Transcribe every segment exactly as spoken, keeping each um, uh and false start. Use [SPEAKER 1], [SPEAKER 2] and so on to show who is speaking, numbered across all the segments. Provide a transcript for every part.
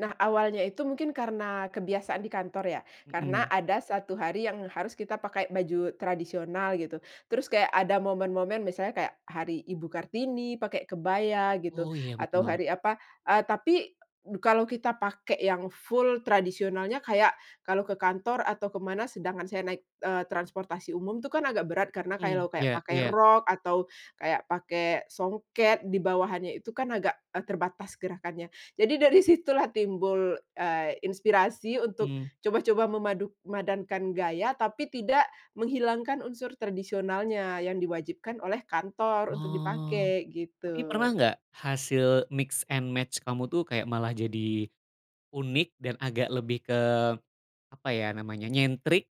[SPEAKER 1] Nah, awalnya itu mungkin karena kebiasaan di kantor ya, karena
[SPEAKER 2] Mhm.
[SPEAKER 1] ada satu hari yang harus kita pakai baju tradisional gitu, terus kayak ada momen-momen misalnya kayak hari Ibu Kartini pakai kebaya gitu
[SPEAKER 2] Oh iya
[SPEAKER 1] atau
[SPEAKER 2] betul.
[SPEAKER 1] hari apa, eee tapi kalau kita pakai yang full tradisionalnya kayak kalau ke kantor atau ke mana. Sedangkan saya naik, eee, transportasi umum itu kan agak berat karena kayak
[SPEAKER 2] Mhm.
[SPEAKER 1] lo kayak
[SPEAKER 2] Ya
[SPEAKER 1] pakai
[SPEAKER 2] ya.
[SPEAKER 1] rok atau kayak pakai songket di bawahanya itu kan agak, eee, terbatas gerakannya. Jadi dari situlah timbul, eee, inspirasi untuk
[SPEAKER 2] Hmm.
[SPEAKER 1] coba-coba mamaduk madankan gaya, tapi tidak menghilangkan unsur tradisionalnya yang diwajibkan oleh kantor untuk
[SPEAKER 2] Oh,
[SPEAKER 1] dipakai,
[SPEAKER 2] tapi pernah
[SPEAKER 1] gitu.
[SPEAKER 2] nggak hasil mix and match kamu tuh kayak malah jadi unik dan agak lebih ke, apa ya namanya, nyentrik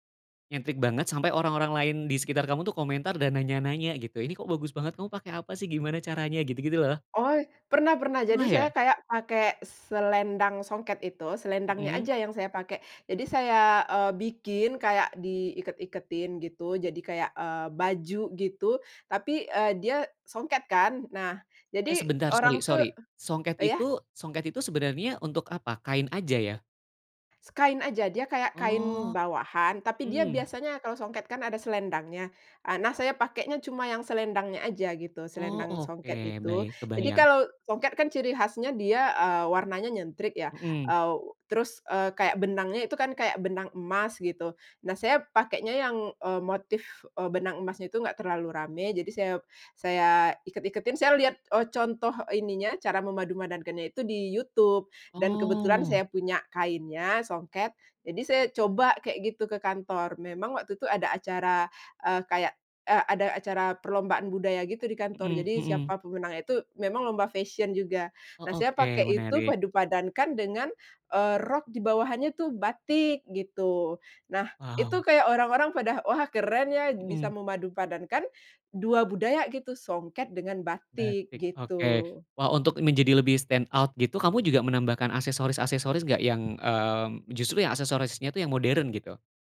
[SPEAKER 2] nyentrik banget, sampai orang-orang lain di sekitar kamu tuh komentar dan nanya-nanya gitu, "Ini kok bagus banget, kamu pakai apa sih gimana caranya? Gitu-gitu loh.
[SPEAKER 1] Oi, pernah pernah. Jadi
[SPEAKER 2] Pernah
[SPEAKER 1] saya
[SPEAKER 2] ya?
[SPEAKER 1] kayak pake selendang songket itu, selendangnya
[SPEAKER 2] Mhm.
[SPEAKER 1] aja yang saya pakai. Jadi saya, eee, bikin kayak di iket-iketin gitu jadi kayak, eee, baju gitu tapi, eee, dia songket kan, nah
[SPEAKER 2] Eh
[SPEAKER 1] jadi
[SPEAKER 2] sebentar, sori
[SPEAKER 1] orang tuh
[SPEAKER 2] sori, songket
[SPEAKER 1] iya?
[SPEAKER 2] itu songket itu sebenarnya untuk apa? Kain aja ya?
[SPEAKER 1] Se kain aja, dia kayak kain
[SPEAKER 2] Oh.
[SPEAKER 1] bawahan tapi dia
[SPEAKER 2] Mmm.
[SPEAKER 1] biasanya kalau songket kan ada selendangnya. A nah, saya pakainya cuma yang selendangnya aja gitu,
[SPEAKER 2] Oh,
[SPEAKER 1] selendang
[SPEAKER 2] oke
[SPEAKER 1] songket itu.
[SPEAKER 2] baik,
[SPEAKER 1] Jadi
[SPEAKER 2] kebayang.
[SPEAKER 1] kalau songket kan ciri khasnya dia, eee, warnanya nyentrik ya,
[SPEAKER 2] Mhm.
[SPEAKER 1] aw terus, eee, kayak benangnya itu kan kayak benang emas gitu. Nah, saya pakainya yang, eee, motif, eee, benang emasnya tuh nggak terlalu rame, jadi saya saya iket-iketin. Saya lihat, eee, contoh ininya, cara memadu-madankannya itu di YouTube dan kebetulan
[SPEAKER 2] Oh.
[SPEAKER 1] saya punya kainnya, songket, jadi saya coba kayak gitu ke kantor. Memang waktu itu ada acara, eee, kayak, eee, ada acara perlombaan budaya gitu di kantor,
[SPEAKER 2] Mhm
[SPEAKER 1] jadi
[SPEAKER 2] mhm.
[SPEAKER 1] siapa pemenangnya tuh memang lomba fashion juga.
[SPEAKER 2] Oh,
[SPEAKER 1] Nah, saya
[SPEAKER 2] oke
[SPEAKER 1] pakai itu
[SPEAKER 2] menarik.
[SPEAKER 1] padu-padankan dengan, eee, rok di bawahannya itu batik, gitu. Nah itu
[SPEAKER 2] Wow.
[SPEAKER 1] kayak orang-orang pada, "Wah keren ya bisa
[SPEAKER 2] Mhm.
[SPEAKER 1] memadu-padankan dua budaya gitu, songket dengan batik,"
[SPEAKER 2] Batik, oke.
[SPEAKER 1] gitu.
[SPEAKER 2] Wah untuk menjadi lebih stand out gitu, kamu juga menambahkan aksesoris-aksesoris nggak yang, eee, justru yang aksesorisnya itu yang modern, gitu?